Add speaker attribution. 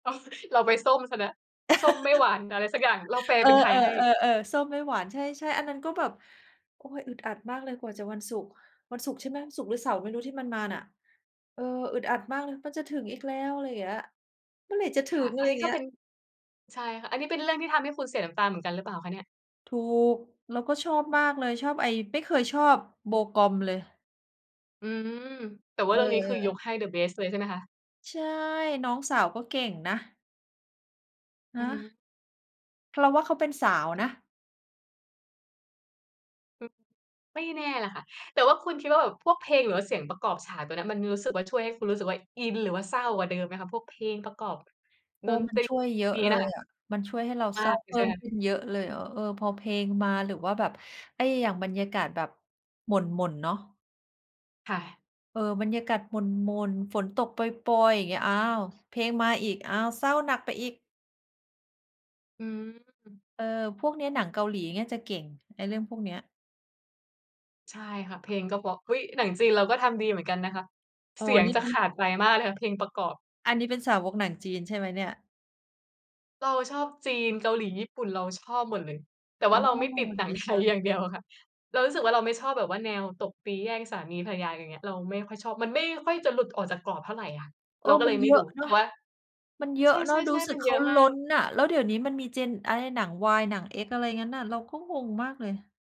Speaker 1: อ๋อ เราไปส้มเสียแล้ว ส้มไม่หวาน อะไรสักอย่าง เราแปล
Speaker 2: เออ
Speaker 1: เป็นไทยให้
Speaker 2: ๆ ๆ ๆ ส้มไม่หวาน ใช่ ๆ อันนั้นก็แบบ โอ้ย! อึดอัดมากเลยกว่าจะวันศุกร์ วันศุกร์ใช่ไหม ศุกร์หรือเสาร์ไม่รู้ที่มันมาน่ะ เออ อึดอัดมากเลย "มันจะถึงอีกแล้ว" อะไรอย่างเงี้ย "เมื่อไหร่จะถึ
Speaker 1: ค่ะ
Speaker 2: ง?" อ
Speaker 1: อ
Speaker 2: ะไ
Speaker 1: ั
Speaker 2: ร
Speaker 1: น
Speaker 2: อ
Speaker 1: น
Speaker 2: ย
Speaker 1: ี
Speaker 2: ่
Speaker 1: ้
Speaker 2: างเ
Speaker 1: ก็
Speaker 2: งี้
Speaker 1: เป
Speaker 2: ย
Speaker 1: ็น ใช่ค่ะ อันนี้เป็นเรื่องที่ทำให้คุณเสียน้ำตาเหมือนกันหรือเปล่าคะเนี่ย?
Speaker 2: ถูก แล้วก็ชอบมากเลย ชอบไอ้ ไม่เคยชอบ Bo Gum เลย
Speaker 1: อืม แต่ว่าเรื่องนี้ คือย
Speaker 2: เออ
Speaker 1: กให้ The Best เลย ใช่ไหมคะ?
Speaker 2: ใช่ น้องสาวก็เก่งนะ ฮ
Speaker 1: อือ
Speaker 2: ะ
Speaker 1: ฮึ
Speaker 2: เราว่าเขาเป็นสาวนะ
Speaker 1: อืม ไม่แน่น่ะค่ะ แต่ว่าคุณคิดว่าแบบพวกเพลงหรือว่าเสียงประกอบฉาก ตัวเนี้ย มันมีรู้สึกว่า ช่วยให้คุณรู้สึกว่าอินหรือว่าเศร้ากว่าเดิมไหมคะ? พวกเพลงประกอบ
Speaker 2: โอ้
Speaker 1: ด
Speaker 2: ว
Speaker 1: น
Speaker 2: ่ามั
Speaker 1: ต
Speaker 2: น
Speaker 1: รี
Speaker 2: ช่วยเย
Speaker 1: พ
Speaker 2: อ
Speaker 1: วก
Speaker 2: ะ
Speaker 1: นี้
Speaker 2: เล
Speaker 1: น่ะ
Speaker 2: ย
Speaker 1: ค่ะ
Speaker 2: อะ มันช่วยให้เรา
Speaker 1: ม
Speaker 2: เ
Speaker 1: า
Speaker 2: ศร้า
Speaker 1: กอย
Speaker 2: เพ
Speaker 1: ู่ ใ
Speaker 2: ิ่
Speaker 1: ช่ไ
Speaker 2: ม
Speaker 1: หมค
Speaker 2: ข
Speaker 1: ะ?
Speaker 2: ึ้นเยอะเลยอะ เออ ๆ พอเพลงมา หรือว่าแบบไอ้ อย่างบรรยากาศแบบหม่น ๆ เนาะ
Speaker 1: ค่ะ
Speaker 2: เออ บรรยากาศหม่น ๆ ฝนตกปรอย ๆ อย่างเงี้ย อ้าว! เพลงมาอีก อ้าว! เศร้าหนักไปอีก
Speaker 1: อืม
Speaker 2: เออ พวกเนี้ย หนังเกาหลีเงี้ยจะเก่ง ไอ้เรื่องพวกเนี้ย
Speaker 1: ใช่ค่ะ เพลงก็เพราะ อุ๊ย! หนังจีนเราก็ทำดีเหมือนกันนะคะ
Speaker 2: อ๋
Speaker 1: เ
Speaker 2: อ
Speaker 1: สียง
Speaker 2: นี่
Speaker 1: จะ
Speaker 2: มั
Speaker 1: ข
Speaker 2: น
Speaker 1: าดไปมากเลยค่ะ เพลงประกอบ
Speaker 2: อันนี้เป็นสาวกหนังจีน ใช่ไหมเนี่ย?
Speaker 1: เราชอบจีน เกาหลี ญี่ปุ่น เราชอบหมดเลย แต่ว
Speaker 2: อ
Speaker 1: ่
Speaker 2: ๋
Speaker 1: า
Speaker 2: อ
Speaker 1: เราไม่ติดหนั
Speaker 2: ด
Speaker 1: ง
Speaker 2: ี
Speaker 1: ไท
Speaker 2: จั
Speaker 1: ยอ
Speaker 2: ง
Speaker 1: ย่างเดียวอะค่ะ เรารู้สึกว่าเราไม่ชอบแบบว่าแนวตบตีแย่งสามีภรรยากัน อย่างเงี้ย เราไม่ค่อยชอบ มันไม่ค่อยจะหลุดออกจากกรอบเท่าไรอะ
Speaker 2: เอ
Speaker 1: เรา
Speaker 2: อ
Speaker 1: ก็
Speaker 2: ม
Speaker 1: เ
Speaker 2: ั
Speaker 1: ล
Speaker 2: น
Speaker 1: ยไม
Speaker 2: เย
Speaker 1: ่
Speaker 2: อ
Speaker 1: ด
Speaker 2: ะ
Speaker 1: ู
Speaker 2: เน
Speaker 1: แ
Speaker 2: า
Speaker 1: ต่
Speaker 2: ะ
Speaker 1: ว่า
Speaker 2: มันเยอ
Speaker 1: ใ
Speaker 2: ะเนาะ รู
Speaker 1: ช
Speaker 2: ้
Speaker 1: ่
Speaker 2: ส
Speaker 1: ๆ
Speaker 2: ึ
Speaker 1: ๆ ม
Speaker 2: ก
Speaker 1: ัน
Speaker 2: เข
Speaker 1: เยอ
Speaker 2: า
Speaker 1: ะม
Speaker 2: ล
Speaker 1: า
Speaker 2: ้
Speaker 1: ก
Speaker 2: นน่ะ แล้วเดี๋ยวนี้มันมีเจนอะไร หนังวาย หนังเอ็กซ์ อะไรอย่างงั้นน่ะ เราก็งงมากเลย